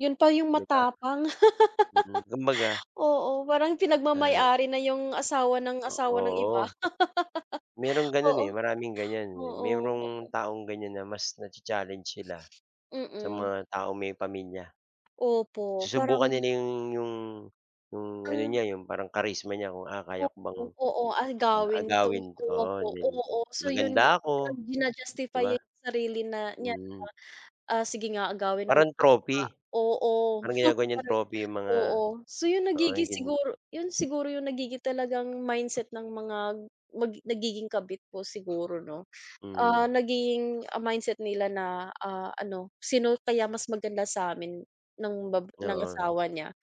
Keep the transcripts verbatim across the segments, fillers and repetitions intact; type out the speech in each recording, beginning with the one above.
'Yon pa yung 'Di ba? matapang. Mm, kumbaga Oo, parang Ah. pinagmamay-ari na yung, asawa ng, O asawa ng iba. oo. Mayroong gano'n, eh, Oo, maraming ganyan. oo. [unintelligible] Mayrong taong ganyan, na mas na-cha-challenge sila, sa Mm. mga taong may pamilya. Opo, parang Susubukan nila 'yong, 'yong 'yong ano Hmm. niya, 'yong parang charisma niya kung ah, "Kaya ko bang, Opo, oo. Agawin agawin", tungkol oo, po, then oo. So 'yon yu "Maganda ako", 'di ji-na-justify ba? niya yung sarili na niya Hmm. na, "Ah, sige nga, agawin ko Parang nga" trophy, oo. parang [unintelligible] ginagawa niyang trophy, yung mga, Oo. So 'yon, mga, nagiging [unintelligible] siguro 'yon siguro yung nagiging talagang mindset ng mga, mag nagiging kabit po siguro 'no. Ah, Hmm. naging mindset nila na, ah, ano, "Sino kaya mas maganda sa'min ng bab ng Oo. asawa niya.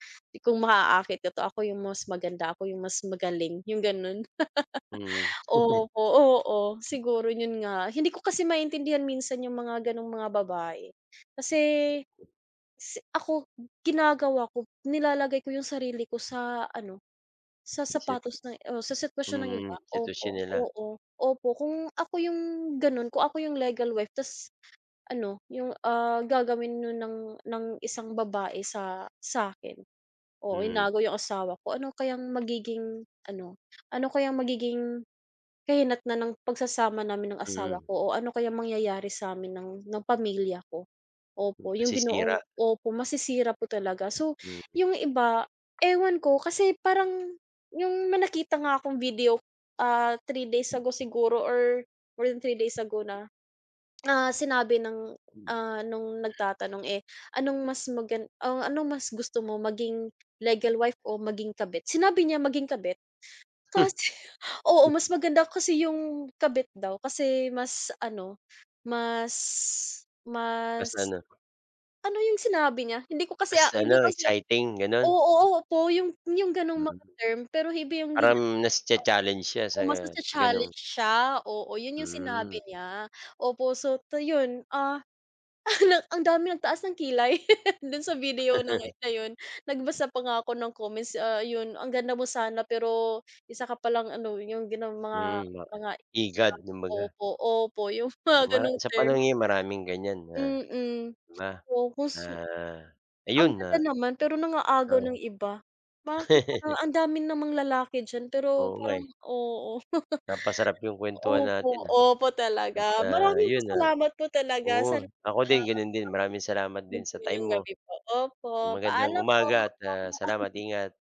Kung maaaakit ko 'to, ako yung mas maganda, ako yung mas magaling", yung gano'n. Hmm. Opo, oo, siguro 'yon nga. Hindi ko kasi maintindihan minsan yung mga gano'ng mga babae. Kasi, si ako, ginagawa ko, nilalagay ko yung sarili ko sa ano, sa Si sapatos ng o sa sitwasyon ng iba. Hmm, sitwasyon Opo, nila. oo, opo, kung ako yung, gano'n, kung ako yung legal wife tas ano, yung, ah, gagawin no'n ng, ng isang babae sa, sa'kin o Hmm. inagaw yung asawa ko, ano kayang magiging ano, ano kayang magiging, kahinatnan ng pagsasama namin ng asawa Hmm. ko, o ano kaya mangyayari sa'min ng, ng pamilya ko? Opo, yung binuong Masisira. opo, masisira po talaga. So, Mm. yung iba, ewan ko kasi parang, yung may nakita nga akong video, ah, three days ago, siguro or, more than three days ago na. Na sinabi ng, Hmm. ah, no'ng nagtatanong eh, anong mas magan o anong mas gusto mo, maging legal wife o maging kabit? Sinabi niya maging kabit. Kasi oo, mas maganda kasi yung kabit daw, kasi mas ano, mas Mas mas ano ano yung sinabi niya? Hindi ko kasi, Mas ah, hindi ano, ko siya exciting, gano'n? oo, opo, yung yung gano'ng Mm. mga term, pero iba yung Parang ginamit mas na na-cha-challenge siya sa, oh, mas gano'ng na-cha-challenge siya, oo, 'yon yung Hmm. sinabi niya. Opo, so, to 'yon, ah, ang daming nagtaas ng kilay, do'n sa video ng na yun, nagbasa pa nga ako ng comments, ah, 'yon, "Ang ganda mo sana, pero isa ka palang ano", yung gano'ng mga, Hmm, ma mga higad kumbaga. opo, opo, yung mga Mara ganong sa term. panahon ngayon maraming ganyan na, Mm, 'di ba, na, focus ang ayun ganda na naman, pero nang-aagaw Oh. ng iba. Bakit ang, ang dami namang lalaki diyan, pero Oo nga, eh. parang oo. Napasarap 'yong kuwentuhan Opo, natin ah. opo At, talaga, ah, maraming pa 'yon, ah, salamat po talaga sana oo, po ako ah din [unintelligible] gano'n din, maraming salamat din 'Yon po sa time yung mo. gabi po, opo, Magandang paalam po. umaga [unintelligible] at, ah, salamat. Ingat.